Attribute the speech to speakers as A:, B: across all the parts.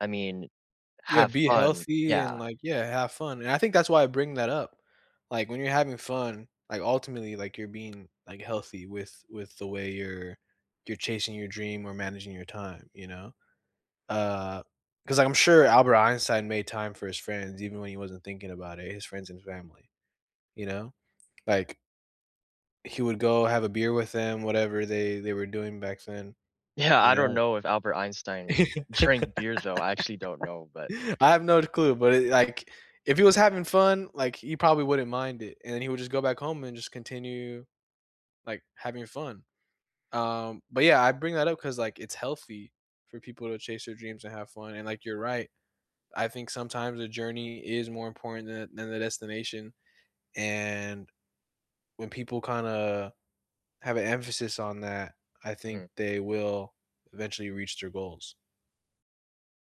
A: I mean,
B: Yeah,
A: have
B: be
A: fun
B: healthy and,
A: yeah.
B: like yeah, have fun, and I think that's why I bring that up, like, when you're having fun, like, ultimately, like, you're being, like, healthy with with the way you're you're chasing your dream or managing your time, you know, uh, 'cause I'm sure Albert Einstein made time for his friends even when he wasn't thinking about it, his friends and family, you know, like he would go have a beer with them, whatever they they were doing back then,
A: Yeah,
B: you
A: I don't
B: know.
A: know if Albert Einstein
B: I
A: drank beers, though, I actually don't know, but
B: have no clue, but, it like, if he was having fun, like, he probably wouldn't mind it, and then he would just go back home, and just continue, like, having fun, um, but, yeah, I bring that up 'cause, like, it's healthy for people to chase their dreams and have fun, and, like, you're right, I think sometimes the journey is more important than than the destination, and when people kinda have an emphasis on that, I think
A: Mhm.
B: they will eventually reach their goals.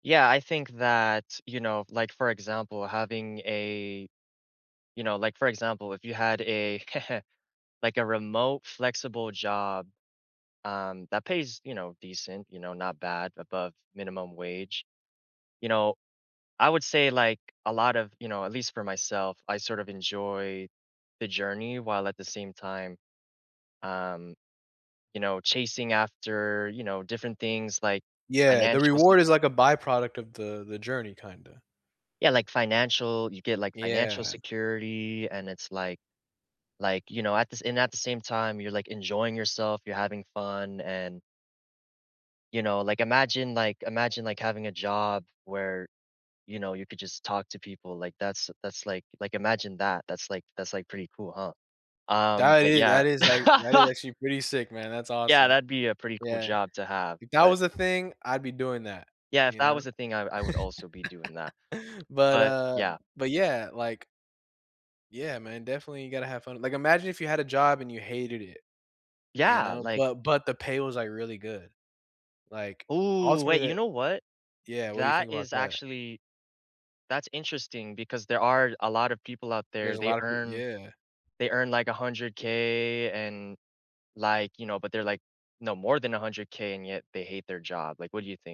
A: Yeah, I think that you know, like, for example, having a you know, like, for example, if you had a like, a remote flexible job, um, that pays, you know, decent, you know, not bad, above minimum wage, you know I would say, like, a lot of you know, at least for myself, I sort of enjoy the journey while at the same time, um, you know, chasing after, you know, different things like
B: Yeah, the
A: financial se
B: reward is like a by-product of the the journey kinda.
A: Yeah like financial you get, like, financial
B: Yeah.
A: security, and it's like like, you know, at the sa and at the same time, you're enjoying yourself, you're having fun, and you know, like, imagine like imagine like, having a job where, you know, you could just talk to people, like that's that's like like imagine that, that's like that's like pretty cool, huh, um,
B: That
A: but
B: is
A: yeah
B: that is a that is actually pretty sick, man, that's
A: Yeah,
B: awesome,
A: that'd be a pretty cool
B: yeah,
A: job to have,
B: if that
A: but
B: was a thing, I'd be doing that,
A: Yeah, if
B: you
A: that
B: know,
A: was the thing, I would I would also be doing that,
B: but,
A: but
B: uh,
A: yeah.
B: but yeah, like Yeah, man, definitely you gotta have fun like, imagine if you had a job and you hated it, you
A: Yeah,
B: know,
A: like
B: but but the pay was, like, really good, like,
A: Ooh, wait,
B: ultimately
A: you
B: that
A: know what,
B: Yeah, what do you
A: that
B: think about
A: is
B: that?
A: actually that's interesting because there are a lotta people out there,
B: There's a
A: they
B: lot of p
A: earn
B: yeah.
A: they earn like $100,000.00, and, like, you know, but they're like no more than $100,000.00 and yet they hate their job, like, what do you think?